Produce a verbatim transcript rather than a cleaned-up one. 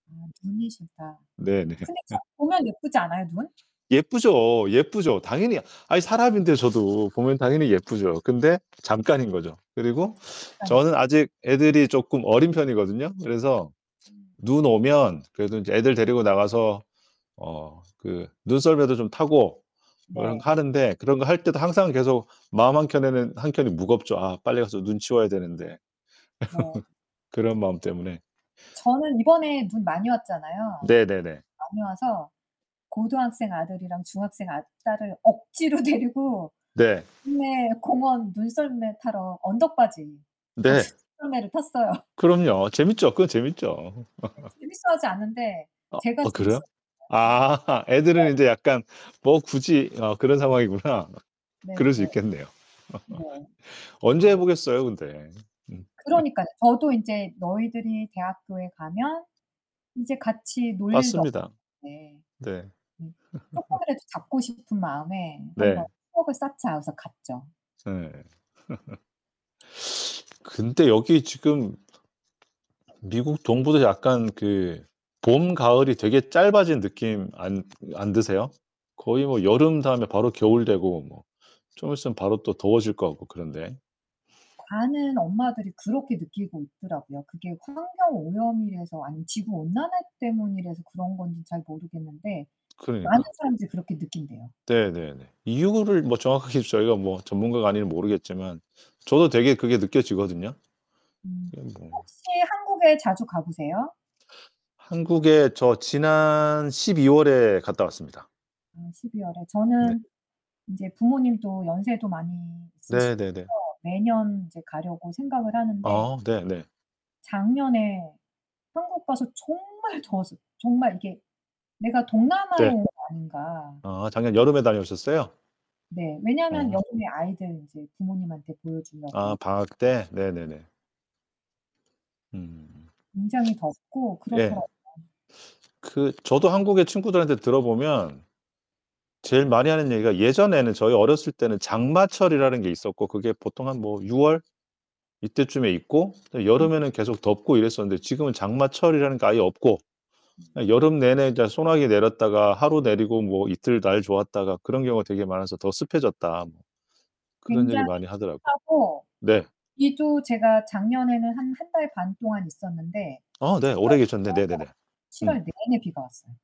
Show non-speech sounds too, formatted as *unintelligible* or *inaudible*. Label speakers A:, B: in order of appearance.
A: 아 눈이 싫다.
B: 네네.
A: 근데 참
B: *laughs*
A: 보면 예쁘지 않아요, 눈?
B: 예쁘죠, 예쁘죠. 당연히 아이, 사람인데 저도 보면 당연히 예쁘죠. 근데 잠깐인 거죠. 그리고 저는 아직 애들이
A: *unintelligible*
B: 쪼끔 어린 편이거든요. 그래서
A: 음.
B: 눈 오면 그래도 인제 애들 데리고 나가서 어 그 눈썰매도 좀 타고 뭐 이런 거
A: 네.
B: 하는데 그런 거 할 때도 항상 계속 마음 한 켠에는 한 켠이 무겁죠. '아, 빨리 가서 눈 치워야 되는데.'
A: 네.
B: *laughs* 그런 마음 때문에
A: 저는 이번에 눈 많이 왔잖아요.
B: 네네네.
A: 많이 와서 고등학생 아들이랑 중학생 아 딸을 억지로 데리고
B: 네.
A: 동네 공원 눈썰매 타러 언덕바지 거기서
B: 네.
A: 눈썰매를 탔어요.
B: 그럼요. 재밌죠. 그건 재밌죠.
A: 네
B: *laughs*
A: 재밌어하지 않는데
B: 어,
A: 제가
B: 어 그래요?
A: 재밌었어요.
B: 아. *laughs* 애들은 이제
A: *unintelligible*
B: 약간 '뭐 굳이.' 어 그런 상황이구나.
A: 네
B: 그럴 수
A: 네.
B: 있겠네요.
A: 네.
B: *laughs* 언제
A: 아.
B: 해 보겠어요, 근데. 음. *laughs*
A: 그러니깐요. 저도 인제 너희들이 대학교에 가면 이제 같이 놀 일도
B: 맞습니다.
A: 없는데
B: 네.
A: 네.
B: *laughs*
A: 쪼끔이라도 잡고 싶은 마음에 '한번
B: 네.
A: 추억을 쌓자.' 해서 갔죠.
B: 예. *laughs* *sucks teeth* 근데 여기 지금 미국 동부도 약간 그 봄, 가을이 되게 짧아진 느낌 안 안 드세요? 거의 뭐 여름 다음에 바로 겨울 되고 뭐 좀 있으면 바로 또 더워질 것 같고 그런데.
A: 많은 엄마들이 그렇게 느끼고 있더라고요. 그게 환경 오염이라서 아니면 지구 온난화 때문이라서 그런 건지 잘 모르겠는데 많은
B: 그러니까.
A: 사람들이 그렇게 느낀대요.
B: 네네네. 이유를 뭐 정확하게 저희가 뭐 전문가가 아니면 모르겠지만 저도 되게 그게 느껴지거든요.
A: 음
B: 그냥 뭐
A: 혹시 한국에 자주 가 보세요?
B: 한국에 저 지난 십이 월에 갔다 왔습니다.
A: 아 십이 월에.
B: 네.
A: 저는 이제 부모님도 연세도 많이 있으시고요
B: 네네네.
A: 매년 이제 가려고 생각을 하는데
B: 어, 네네.
A: 작년에 한국 가서 정말 더웠어. 정말 이게 '내가 동남아에
B: 네.
A: 온 거 아닌가.'
B: 아 작년 여름에
A: *unintelligible*
B: 다녀오셨어요?
A: 네, 왜냐하면
B: 어.
A: 여름에 아이들 이제 부모님한테 보여
B: 아,
A: 주려고.
B: 방학 때? 네네네. 음.
A: 굉장히 덥고
B: 예.
A: 그렇더라고요.
B: 그 저도 한국에 친구들한테 들어보면 제일 많이 하는 얘기가 "예전에는 저희 어렸을 때는 장마철이라는 게 있었고 그게 보통 한 뭐 유 월 이때쯤에 있고
A: 음.
B: 여름에는 계속 덥고 이랬었는데 지금은 장마철이라는 게 아예 없고 예 여름 내내 저 소나기 내렸다가 하루 내리고 뭐 이틀 날 좋았다가 그런 경우가 되게 많아서 더 습해졌다." 그런 얘기
A: 굉장히
B: 많이 하더라고요.
A: 습하고
B: 네.
A: 이 또 제가 작년에는 한 한 달 반 동안 있었는데
B: 아 네. 오래 계셨네. 네네네.
A: *unintelligible* 칠
B: 음.
A: 월 내내 비가 왔어요.